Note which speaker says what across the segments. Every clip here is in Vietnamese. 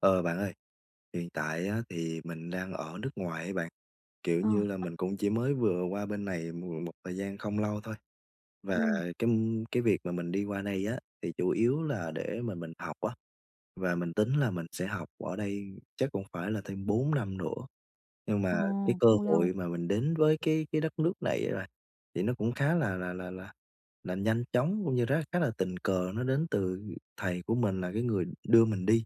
Speaker 1: Ờ, bạn ơi, hiện tại á thì mình đang ở nước ngoài ấy bạn, kiểu
Speaker 2: Ờ.
Speaker 1: như là, mình cũng chỉ mới vừa qua bên này m một thời gian không lâu thôi, và
Speaker 2: Ừm.
Speaker 1: cấm cái việc mà mình đi qua đây á, thì chủ yếu là để mà mình học á, và mình tính là mình sẽ học ở đây chắc cũng phải là thêm 4 năm nữa. Nhưng
Speaker 2: Ồ,
Speaker 1: mà cái cơ
Speaker 2: cũng
Speaker 1: hội
Speaker 2: lâu.
Speaker 1: mà mình đến với cái cái đất nước này á bạn, thì nó cũng khá là là là là là nhanh chóng cũng như rá khá là tình cờ, nó đến từ thầy của mình, là cái người đưa mình đi.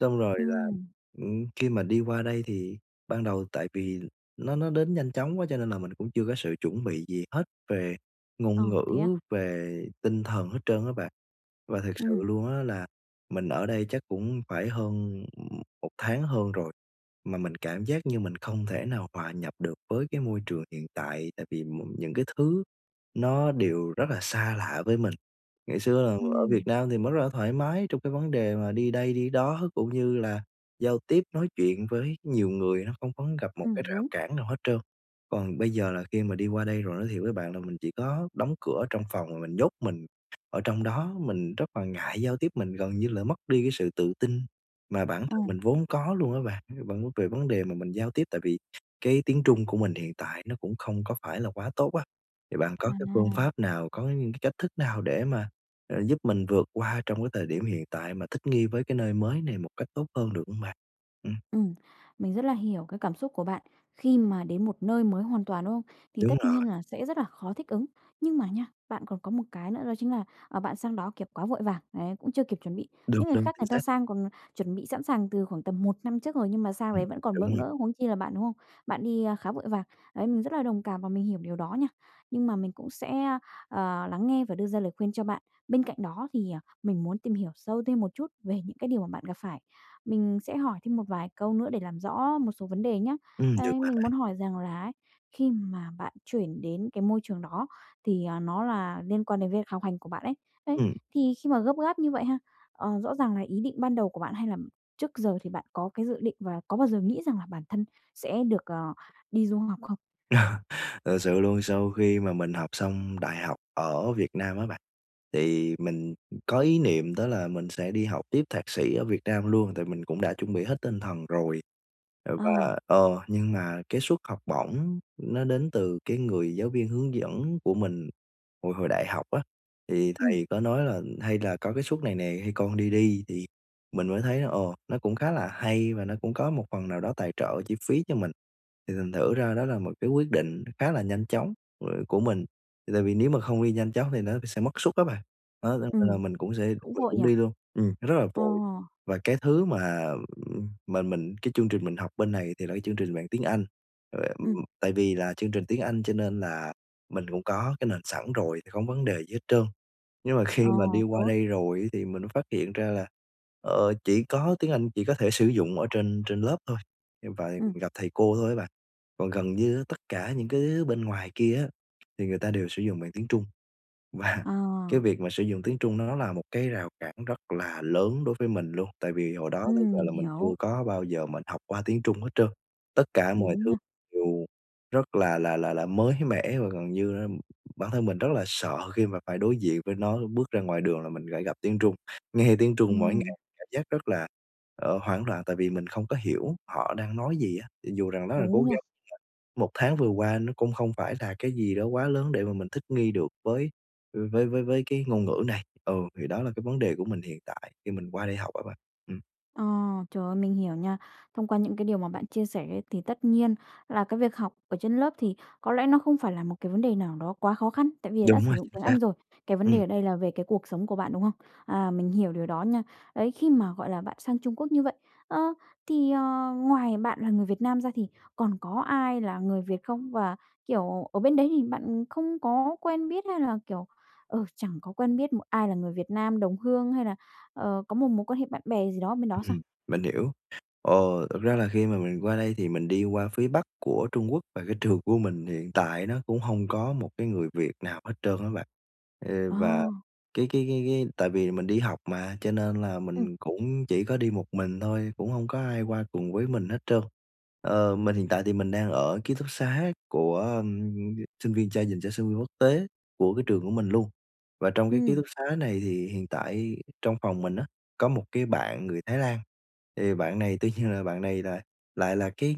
Speaker 1: Xong rồi là,
Speaker 2: Ừm.
Speaker 1: ừm, khi mà đi qua đây thì ban đầu tại vì l nó nó đến nhanh chóng quá cho nên là mình cũng chưa có sự chuẩn bị gì hết về
Speaker 2: Ờ,
Speaker 1: ngôn ngữ,
Speaker 2: thế á?
Speaker 1: về tinh thần hết trơn á bạn. Và thật sự
Speaker 2: Ừm.
Speaker 1: luôn á, là mình ở đây chắc cũng phải hơn 1 tháng hơn rồi mà mình cảm giác như mình không thể nào hòa nhập được với cái môi trường hiện tại, tại vì m những cái thứ nó đều rất là xa lạ với mình. Ngày xưa là ở Việt
Speaker 2: Ừm.
Speaker 1: Nam thì mới rất là thoải mái trong cái vấn đề mà đi đây đi đó, cũng như là giao tiếp nói chuyện với nhiều người nó không có gặp một
Speaker 2: Ừm,
Speaker 1: cái rào
Speaker 2: đúng.
Speaker 1: cản nào hết trơn, còn bây giờ là khi mà đi qua đây rồi, nói thiệt với bạn là mình chỉ có đóng cửa ở trong phòng và mình nhốt mình ở trong đó, mình rất là ngại giao tiếp, mình gần như là mất đi cái sự tự tin mà bản thân
Speaker 2: Ồ.
Speaker 1: mình vốn có luôn á bạn. Và cũng từ về vấn đề mà mình giao tiếp, tại vì cái tiếng Trung của mình hiện tại nó cũng không có phải là quá tốt á, thì bạn có cái phương pháp
Speaker 2: À.
Speaker 1: nào, có những cái cách thức nào để mà, ờ, giúp mình vượt qua trong cái thời điểm hiện tại mà thích nghi với cái nơi mới này một cách tốt hơn được hông bạn? Ừm.
Speaker 2: Ừm, mình rất là hiểu cái cảm xúc của bạn khi mà đến một nơi mới hoàn toàn, đúng không? Thì
Speaker 1: Đúng
Speaker 2: tất
Speaker 1: rồi.
Speaker 2: nhiên là sẽ rất là khó thích ứng. Nhưng mà nhá, bạn còn có một cái nữa đó chính là, ờ, bạn sang đó, kiểu, quá vội vàng, đấy, cũng chưa kịp chuẩn bị.
Speaker 1: Đúng,
Speaker 2: Những người
Speaker 1: đúng,
Speaker 2: khác
Speaker 1: chính
Speaker 2: người ta
Speaker 1: xác.
Speaker 2: sang còn chuẩn bị sẵn sàng từ khoảng tầm 1 năm trước rồi nhưng mà sang
Speaker 1: Ừm,
Speaker 2: đấy vẫn còn
Speaker 1: đúng
Speaker 2: bỡ
Speaker 1: rồi.
Speaker 2: ngỡ, huống chi là bạn, đúng không? Bạn đi khá vội vàng, đấy, mình rất là đồng cảm và mình hiểu điều đó nha, nhưng mà mình cũng sẽ, ơ, ờ, lắng nghe và đưa ra lời khuyên cho bạn. Bên cạnh đó thì, ờ, mình muốn tìm hiểu sâu thêm một chút về những cái điều mà bạn gặp phải, mình sẽ hỏi thêm một vài câu nữa để làm rõ một số vấn đề nhá.
Speaker 1: Ừm, được
Speaker 2: Ấy,
Speaker 1: bạn
Speaker 2: mình muốn
Speaker 1: ơi.
Speaker 2: hỏi rằng là ấy, khi mà bạn chuyển đến cái môi trường đó thì, à, nó là liên quan đến việc học hành của bạn ấy, đấy,
Speaker 1: Ừm.
Speaker 2: thì khi mà gấp gáp như vậy ha, ờ, rõ ràng là ý định ban đầu của bạn, hay là trước giờ thì bạn có cái dự định và có bao giờ nghĩ rằng là bản thân sẽ được, ờ, đi du học không?
Speaker 1: Thật sự luôn sau khi mà mình học xong đại học ở Việt Nam á bạn, thì mình, ừm, có ý niệm đó là mình sẽ đi học tiếp thạc sĩ ở Việt Nam luôn, tại mình cũng đã chuẩn bị hết tinh thần rồi. Ờ,
Speaker 2: Ờ.
Speaker 1: và, ờ, nhưng mà cái suất học bổng nó đến từ cái người giáo viên hướng dẫn của mình hồi hồi đại học á, thì
Speaker 2: Ừm.
Speaker 1: thầy có nói là "Hay là có cái suất này nè, hay con đi đi" thì mình mới thấy là, ờ, nó cũng khá là hay và nó cũng có một phần nào đó tài trợ chi phí cho mình. Thì thành thử ra đó là một cái quyết định khá là nhanh chóng [unintelligible] của mình, thì tại vì nếu mà không đi nhanh chóng thì nó sẽ mất suất á bạn. Đó, cho
Speaker 2: Ừm,
Speaker 1: nên mình cũng sẽ
Speaker 2: cũng
Speaker 1: mình
Speaker 2: vội
Speaker 1: cũng
Speaker 2: nhỉ?
Speaker 1: đi luôn ừm, nó rất là
Speaker 2: Ờ.
Speaker 1: vội. Và cái thứ mà, ừm, mà mình cái chương trình mình học bên này thì là cái chương trình bằng tiếng Anh, à, ừm,
Speaker 2: Ừm.
Speaker 1: tại vì là chương trình tiếng Anh cho nên là mình cũng có cái nền sẵn rồi thì không vấn đề gì hết trơn. Nhưng mà
Speaker 2: Ờ,
Speaker 1: khi mà đi qua
Speaker 2: tốt.
Speaker 1: đây rồi á, thì mình phát hiện ra là, ờ, chỉ có tiếng Anh chỉ có thể sử dụng ở trên trên lớp thôi, [unintelligible]
Speaker 2: Ừm.
Speaker 1: gặp thầy cô thôi á bạn, còn gần như á tất cả những cái thứ bên ngoài kia á, thì người ta đều sử dụng bằng tiếng Trung. Và cái
Speaker 2: Ờ.
Speaker 1: việc mà sử dụng tiếng Trung nó là một cái rào cản rất là lớn đối với mình luôn, tại vì hồi đó tới
Speaker 2: Ừm,
Speaker 1: giờ
Speaker 2: mình
Speaker 1: là mình
Speaker 2: hiểu.
Speaker 1: chưa có bao giờ mình học qua tiếng Trung hết trơn, tất cả mọi
Speaker 2: Đúng
Speaker 1: thứ
Speaker 2: nha.
Speaker 1: đều rất là là là là mới mẻ. Và gần như á, bản thân mình rất là sợ khi mà phải đối diện với nó, bước ra ngoài đường là mình lại gặp tiếng Trung, nghe tiếng Trung mỗi
Speaker 2: Ừm.
Speaker 1: ngày cảm giác rất là, ờ, hoảng loạn, tại vì mình không có hiểu họ đang nói gì á. Thì dù rằng rất là cố
Speaker 2: Đúng rồi.
Speaker 1: gắng, 1 tháng vừa qua nó cũng không phải là cái gì đó quá lớn để mà mình thích nghi được với, ừ, với với với cái ngôn ngữ này, ừ, thì đó là cái vấn đề của mình hiện tại khi mình qua đây học á bạn, ừm.
Speaker 2: Ờ, trời ơi, mình hiểu nha. Thông qua những cái điều mà bạn chia sẻ thì tất nhiên là cái việc học ở trên lớp thì có lẽ nó không phải là một cái vấn đề nào đó quá khó khăn, tại vì đã
Speaker 1: Đúng
Speaker 2: sử
Speaker 1: rồi,
Speaker 2: dụng
Speaker 1: chính
Speaker 2: tiếng
Speaker 1: xác.
Speaker 2: Anh rồi. Cái vấn đề
Speaker 1: Ừm.
Speaker 2: ở đây là về cái cuộc sống của bạn, đúng không? À, mình hiểu điều đó nha. Đấy, khi mà, gọi là, bạn sang Trung Quốc như vậy, ơ, thì, ờ, ngoài bạn là người Việt Nam ra thì còn có ai là người Việt không? Và, kiểu, ở bên đấy thì bạn không có quen biết hay là, kiểu, ờ, chẳng có quen biết một ai là người Việt Nam đồng hương hay là, ờ, có một mối quan hệ bạn bè gì đó bên đó sao?
Speaker 1: Ừm, mình hiểu, ờ, thực ra là khi mà mình qua đây thì mình đi qua phía Bắc của Trung Quốc và cái trường của mình hiện tại nó cũng hông có một cái người Việt nào hết trơn á bạn. Ê,
Speaker 2: Ờ.
Speaker 1: và cái cái cái cái tại vì mình đi học mà cho nên là
Speaker 2: Ừm.
Speaker 1: mình cũng chỉ có đi một mình thôi, cũng hông có ai qua cùng với mình hết trơn. Ờ, mình hiện tại thì mình đang ở ký túc xá của, ơm, sinh viên trai dành cho sinh viên quốc tế của cái trường của mình luôn. Và trong cái ký
Speaker 2: Ừm.
Speaker 1: túc xá này thì hiện tại trong phòng mình á có một cái bạn người Thái Lan, thì bạn này tuy nhiên là bạn này là lại là cái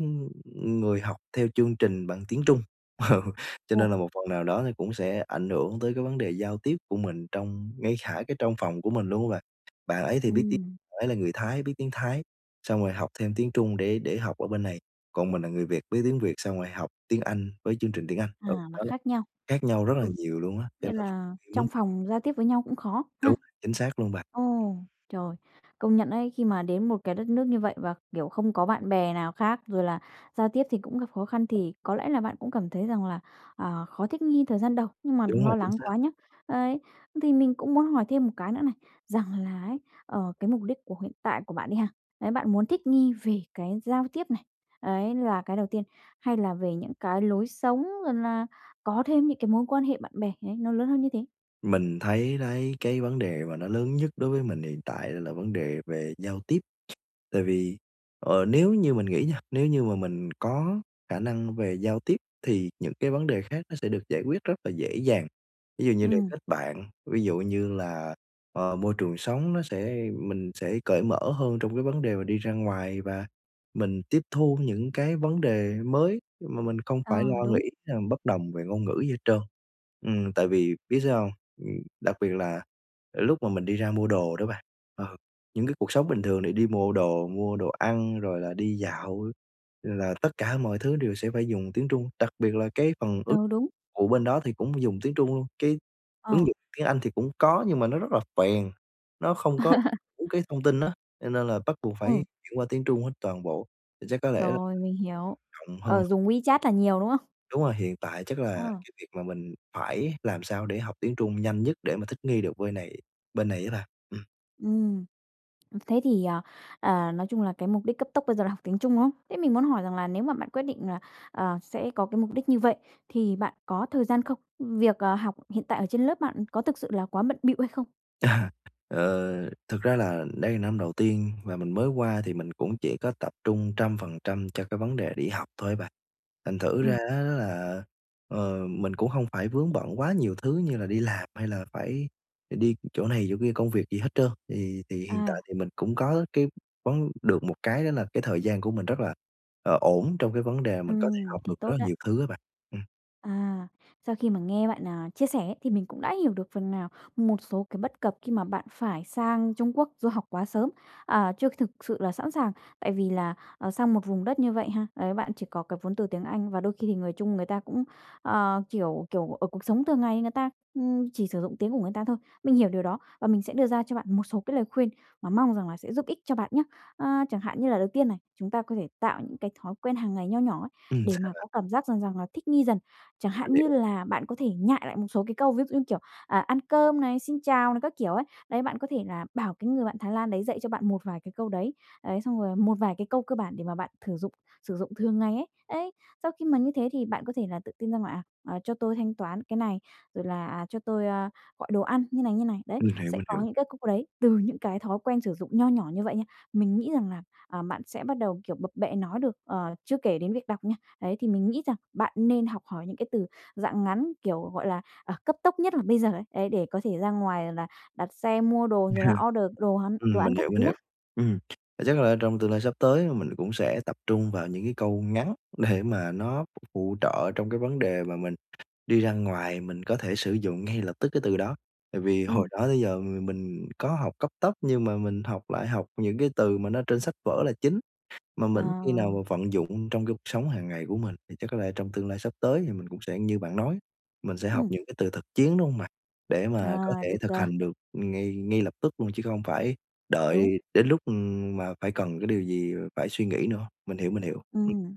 Speaker 1: người học theo chương trình bằng tiếng Trung, ừ, cho
Speaker 2: Ồ.
Speaker 1: nên là một phần nào đó thì cũng sẽ ảnh hưởng tới cái vấn đề giao tiếp của mình trong ngay khả cái trong phòng của mình luôn á bạn. Bạn ấy thì biết tiếng
Speaker 2: Ừm.
Speaker 1: bạn ấy là người Thái biết tiếng Thái, xong rồi học thêm tiếng Trung để để học ở bên này, còn mình là người Việt biết tiếng Việt, xong rồi học tiếng Anh với chương trình tiếng Anh. Ừ,
Speaker 2: À, mà
Speaker 1: đó là
Speaker 2: khác nhau.
Speaker 1: khác nhau rất là
Speaker 2: Ừ,
Speaker 1: nhiều luôn á, cho
Speaker 2: nghĩa
Speaker 1: nên
Speaker 2: là
Speaker 1: muốn
Speaker 2: trong phòng giao tiếp với nhau cũng khó ha.
Speaker 1: Đúng rồi, chính xác luôn bạn.
Speaker 2: Ồ, trời, công nhận ấy khi mà đến một cái đất nước như vậy và, kiểu, không có bạn bè nào khác, rồi là giao tiếp thì cũng gặp khó khăn thì có lẽ là bạn cũng cảm thấy rằng là, ờ, khó thích nghi thời gian đầu, nhưng mà đừng
Speaker 1: Đúng rồi,
Speaker 2: lo
Speaker 1: chính
Speaker 2: lắng
Speaker 1: xác.
Speaker 2: quá nhá. Đấy, thì mình cũng muốn hỏi thêm một cái nữa này, rằng là ấy, ờ, cái mục đích của hiện tại của bạn đi ha, đấy, bạn muốn thích nghi về cái giao tiếp này, ấy là cái đầu tiên, hay là về những cái lối sống rồi là có thêm những cái mối quan hệ bạn bè ấy nó lớn hơn như thế?
Speaker 1: Mình thấy đấy cái vấn đề mà nó lớn nhất đối với mình hiện tại là vấn đề về giao tiếp, tại vì, ờ, nếu như mình nghĩ nha, nếu như mà mình có khả năng về giao tiếp thì những cái vấn đề khác nó sẽ được giải quyết rất là dễ dàng. Ví dụ như là
Speaker 2: Ừm.
Speaker 1: kết bạn, ví dụ như là, ờ, môi trường sống nó sẽ mình sẽ cởi mở hơn trong cái vấn đề mà đi ra ngoài và mình tiếp thu những cái vấn đề mới mà mình không
Speaker 2: Ờ,
Speaker 1: phải lo
Speaker 2: đúng.
Speaker 1: nghĩ hay mình bất đồng về ngôn ngữ gì hết trơn, ừm, tại vì biết sao hông? Ừm, đặc biệt là lúc mà mình đi ra mua đồ đó bạn, ờ, những cái cuộc sống bình thường để đi mua đồ mua đồ ăn, rồi là đi dạo là tất cả mọi thứ đều sẽ phải dùng tiếng Trung, đặc biệt là cái phần ứng
Speaker 2: Ừ, đúng.
Speaker 1: ụ bên đó thì cũng dùng tiếng Trung luôn. Cái ứng
Speaker 2: Ờ.
Speaker 1: dụng tiếng Anh thì cũng có nhưng mà nó rất là phèn, nó không có đúng cái thông tin á, cho nên là bắt buộc phải
Speaker 2: Ừ.
Speaker 1: chuyển qua tiếng Trung hết toàn bộ, chắc có lẽ là
Speaker 2: Trời, mình hiểu.
Speaker 1: rộng hơn.
Speaker 2: Ờ, dùng WeChat là nhiều, đúng không?
Speaker 1: Đúng rồi, hiện tại chắc là
Speaker 2: Ờ.
Speaker 1: cái việc mà mình phải làm sao để học tiếng Trung nhanh nhất để mà thích nghi được vơi này bên này á bạn, ừm.
Speaker 2: Ừm, thế thì, à, à, nói chung là cái mục đích cấp tốc bây giờ là học tiếng Trung, đúng không? Thế mình muốn hỏi rằng là nếu mà bạn quyết định là, ờ, sẽ có cái mục đích như vậy thì bạn có thời gian không? Việc, ờ, học hiện tại ở trên lớp bạn có thực sự là quá bận bịu hay không?
Speaker 1: À, ờ, thực ra là đây là năm đầu tiên và mình mới qua thì mình cũng chỉ có tập trung trăm phần trăm cho cái vấn đề đi học thôi á bạn. Thành thử
Speaker 2: Ừm.
Speaker 1: ra á là, ờ, mình cũng hông phải vướng bận quá nhiều thứ như là đi làm hay là phải đ đi chỗ này chỗ kia công việc gì hết trơn. Thì thì hiện tại
Speaker 2: À.
Speaker 1: thì mình cũng có cái vấn được một cái đó là cái thời gian của mình rất là, ờ, ổn trong cái vấn đề mình có thể
Speaker 2: Ừm,
Speaker 1: học
Speaker 2: thế
Speaker 1: được rất
Speaker 2: tốt
Speaker 1: là
Speaker 2: á.
Speaker 1: nhiều thứ á bạn. Ừm.
Speaker 2: À, sau khi mà nghe bạn, à, chia sẻ ấy, thì mình cũng đã hiểu được phần nào một số cái bất cập khi mà bạn phải sang Trung Quốc du học quá sớm, à, chưa thực sự là sẵn sàng. Tại vì là, à, sang một vùng đất như vậy ha, ấy, bạn chỉ có cái vốn từ tiếng Anh, và đôi khi thì người Trung người ta cũng, ờ, kiểu, kiểu, ở cuộc sống thường ngày người ta, ừm, chỉ sử dụng tiếng của người ta thôi. Mình hiểu điều đó và mình sẽ đưa ra cho bạn một số cái lời khuyên mà mong rằng là sẽ giúp ích cho bạn nhá. Ờ, chẳng hạn như là đầu tiên này, chúng ta có thể tạo những cái thói quen hàng ngày nho nhỏ ấy,
Speaker 1: Ừm,
Speaker 2: để
Speaker 1: sao
Speaker 2: mà
Speaker 1: bạn?
Speaker 2: có cảm giác rằng rằng là thích nghi dần. Chẳng
Speaker 1: Mình
Speaker 2: hạn như
Speaker 1: hiểu.
Speaker 2: là bạn có thể nhại lại một số cái câu, ví dụ như kiểu, à, "ăn cơm" này, "xin chào" này các kiểu ấy. Đấy, bạn có thể là bảo cái người bạn Thái Lan đấy dạy cho bạn một vài cái câu đấy, đấy, xong rồi là một vài cái câu cơ bản để mà bạn thử dụng sử dụng thường ngày ấy. Đấy, sau khi mà như thế thì bạn có thể là tự tin ra ngoài, à, ờ, "Cho tôi thanh toán cái này", rồi là, à, "Cho tôi, ơ, gọi đồ ăn như này, như này", đấy,
Speaker 1: Mình hiểu,
Speaker 2: sẽ
Speaker 1: mình
Speaker 2: có
Speaker 1: hiểu.
Speaker 2: những cái câu đấy từ những cái thói quen sử dụng nho nhỏ như vậy nha. Mình nghĩ rằng là, à, bạn sẽ bắt đầu, kiểu, bập bẹ nói được, ờ, chưa kể đến việc đọc nha, đấy, thì mình nghĩ rằng bạn nên học hỏi những cái từ dạng ngắn kiểu, gọi là, ờ, cấp tốc nhất là bây giờ đấy, ấy, để có thể ra ngoài là đặt xe, mua đồ, rồi là order đồ ăn đồ
Speaker 1: Ừm,
Speaker 2: ăn
Speaker 1: mình
Speaker 2: các
Speaker 1: hiểu, mình
Speaker 2: thứ nhá.
Speaker 1: hiểu. Ừm, vậy chắc là trong tương lai sắp tới mà mình cũng sẽ tập trung vào những cái câu ngắn để mà nó phụ trợ trong cái vấn đề mà mình đi ra ngoài mình có thể sử dụng ngay lập tức cái từ đó. Tại vì hồi
Speaker 2: Ừm.
Speaker 1: đó tới giờ m mình có học cấp tốc nhưng mà mình học lại học những cái từ mà nó trên sách vở là chính, mà
Speaker 2: Ờ.
Speaker 1: mình ít khi nào mà vận dụng trong cái cuộc sống hàng ngày của mình. Thì chắc có lẽ trong tương lai sắp tới thì mình cũng sẽ như bạn nói, mình sẽ học
Speaker 2: Ừm.
Speaker 1: những cái từ thực chiến, đúng hông bạn? Để mà có
Speaker 2: À,
Speaker 1: thể
Speaker 2: được
Speaker 1: thực
Speaker 2: rồi.
Speaker 1: hành được, ừm, ngay ngay lập tức luôn, chứ không phải đợi
Speaker 2: Đúng.
Speaker 1: đến lúc, ừm, mà phải cần cái điều gì phải suy nghĩ nữa. Mình hiểu, mình hiểu. Ừm.
Speaker 2: Ừm,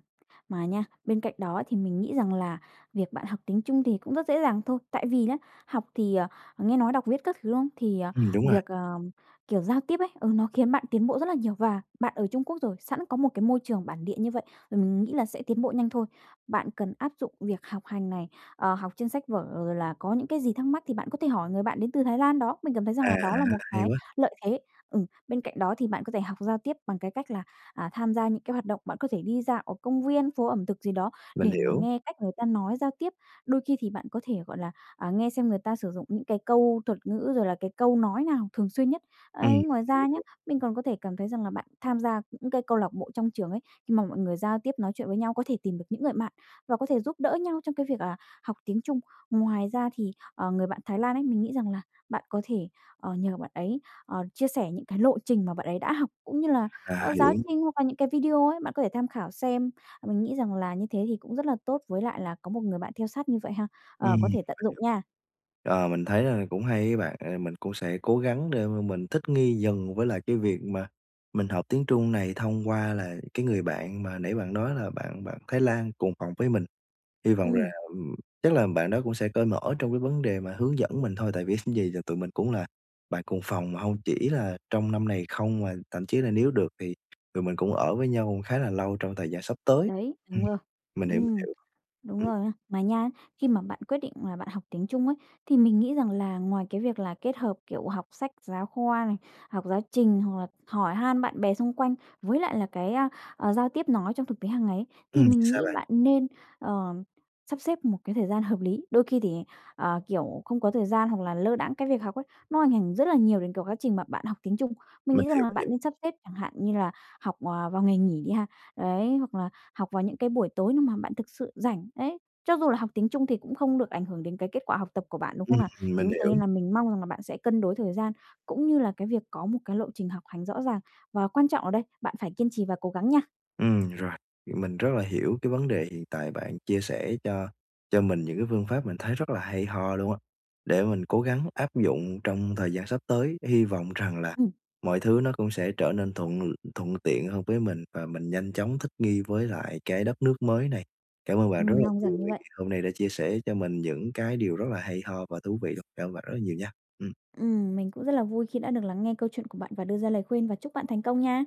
Speaker 2: mà nha, bên cạnh đó thì mình nghĩ rằng là việc bạn học tiếng Trung thì cũng rất dễ dàng thôi. Tại vì nhá, học thì, ờ, nghe nói đọc viết các thứ, đúng không? Thì, ờ,
Speaker 1: Ừm, đúng rồi.
Speaker 2: việc, ờ, kiểu, giao tiếp ấy, ừ, nó khiến bạn tiến bộ rất là nhiều, và bạn ở Trung Quốc rồi sẵn có một cái môi trường bản địa như vậy, rồi mình nghĩ là sẽ tiến bộ nhanh thôi. Bạn cần áp dụng việc học hành này, ờ, học trên sách vở rồi là có những cái gì thắc mắc thì bạn có thể hỏi người bạn đến từ Thái Lan đó, mình cảm thấy rằng
Speaker 1: À,
Speaker 2: là đó là một
Speaker 1: hay
Speaker 2: cái
Speaker 1: quá.
Speaker 2: lợi thế. Ừ, bên cạnh đó thì bạn có thể học giao tiếp bằng cái cách là, à, tham gia những cái hoạt động, bạn có thể đi dạo ở công viên, phố ẩm thực gì đó
Speaker 1: Mình
Speaker 2: để mà
Speaker 1: hiểu.
Speaker 2: nghe cách người ta nói giao tiếp. Đôi khi thì bạn có thể, gọi là, à, nghe xem người ta sử dụng những cái câu thuật ngữ rồi là cái câu nói nào thường xuyên nhất.
Speaker 1: Ừm,
Speaker 2: Ấy,
Speaker 1: mình
Speaker 2: ngoài
Speaker 1: hiểu,
Speaker 2: ra
Speaker 1: mình
Speaker 2: nhá,
Speaker 1: hiểu.
Speaker 2: mình còn có thể cảm thấy rằng là bạn tham gia những cái câu lạc bộ trong trường ấy, khi mà mọi người giao tiếp nói chuyện với nhau có thể tìm được những người bạn và có thể giúp đỡ nhau trong cái việc là học tiếng Trung. Ngoài ra thì, ờ, người bạn Thái Lan ấy, mình nghĩ rằng là bạn có thể, ờ, nhờ bạn ấy, ờ, chia sẻ những cái lộ trình mà bạn ấy đã học cũng như là,
Speaker 1: À,
Speaker 2: ờ, giáo
Speaker 1: hiểu.
Speaker 2: trình hoặc là những cái video ấy, bạn có thể tham khảo xem, mà mình nghĩ rằng là như thế thì cũng rất là tốt với lại là có một người bạn theo sát như vậy ha,
Speaker 1: Ừm,
Speaker 2: ờ,
Speaker 1: mình
Speaker 2: có
Speaker 1: hiểu.
Speaker 2: thể tận dụng nha.
Speaker 1: Ờ, mình thấy là cũng hay á bạn, à, mình cũng sẽ cố gắng để mà mình thích nghi dần với lại cái việc mà mình học tiếng Trung này thông qua là cái người bạn mà nãy bạn nói là bạn bạn Thái Lan cùng phòng với mình. Hy vọng là
Speaker 2: Ừm.
Speaker 1: chắc là bạn đó cũng sẽ cởi mở trong cái vấn đề mà hướng dẫn mình thôi, tại vì ít gì là tụi mình cũng là bạn cùng phòng, mà hông chỉ là trong năm này không, mà thậm chí là nếu được thì tụi mình cũng ở với nhau khá là lâu trong thời gian sắp tới.
Speaker 2: Đấy,
Speaker 1: Ừm,
Speaker 2: đúng rồi.
Speaker 1: mình hiểu,
Speaker 2: Ừm,
Speaker 1: hiểu.
Speaker 2: đúng
Speaker 1: Ừm.
Speaker 2: rồi nha. Mà nha, khi mà bạn quyết định là bạn học tiếng Trung ấy, thì mình nghĩ rằng là ngoài cái việc là kết hợp, kiểu, học sách giáo khoa này, học giáo trình hoặc là hỏi han bạn bè xung quanh với lại là cái, a, ờ, giao tiếp nói trong thực tế hàng ngày ấy, thì
Speaker 1: Ừm,
Speaker 2: mình
Speaker 1: sao
Speaker 2: nghĩ
Speaker 1: bạn?
Speaker 2: bạn nên, ờ, sắp xếp một cái thời gian hợp lý. Đôi khi thì, ờ, kiểu, không có thời gian hoặc là lơ đãng cái việc học ấy, nó ảnh ảnh rất là nhiều đến cái quá trình mà bạn học tiếng Trung. Mình
Speaker 1: Mình
Speaker 2: nghĩ rằng
Speaker 1: hiểu,
Speaker 2: là
Speaker 1: mình
Speaker 2: bạn
Speaker 1: hiểu.
Speaker 2: nên sắp xếp chẳng hạn như là học, ờ, vào ngày nghỉ đi ha, đấy, hoặc là học vào những cái buổi tối nếu mà bạn thực sự rảnh, đấy. Cho dù là học tiếng Trung thì cũng không được ảnh hưởng đến cái kết quả học tập của bạn, đúng không
Speaker 1: Ừm,
Speaker 2: nào? Chính
Speaker 1: mình
Speaker 2: vì thế
Speaker 1: hiểu.
Speaker 2: nên là mình mong rằng là bạn sẽ cân đối thời gian cũng như là cái việc có một cái lộ trình học hành rõ ràng, và quan trọng ở đây, bạn phải kiên trì và cố gắng nha.
Speaker 1: Ừm rồi, mình rất là hiểu cái vấn đề hiện tại, bạn chia sẻ cho cho mình những cái phương pháp mình thấy rất là hay ho luôn á, để mình cố gắng áp dụng trong thời gian sắp tới. Hy vọng rằng là
Speaker 2: Ừm.
Speaker 1: mọi thứ nó cũng sẽ trở nên thuận l thuận tiện hơn với mình và mình nhanh chóng thích nghi với lại cái đất nước mới này. Cảm ơn bạn rất
Speaker 2: Ừm,
Speaker 1: là
Speaker 2: mong
Speaker 1: nhiều
Speaker 2: rằng như
Speaker 1: vì
Speaker 2: vậy.
Speaker 1: hôm nay đã chia sẻ cho mình những cái điều rất là hay ho và thú vị luôn, cảm ơn bạn rất là nhiều nha. Ừm.
Speaker 2: Ừm, mình cũng rất là vui khi đã được lắng nghe câu chuyện của bạn và đưa ra lời khuyên và chúc bạn thành công nha.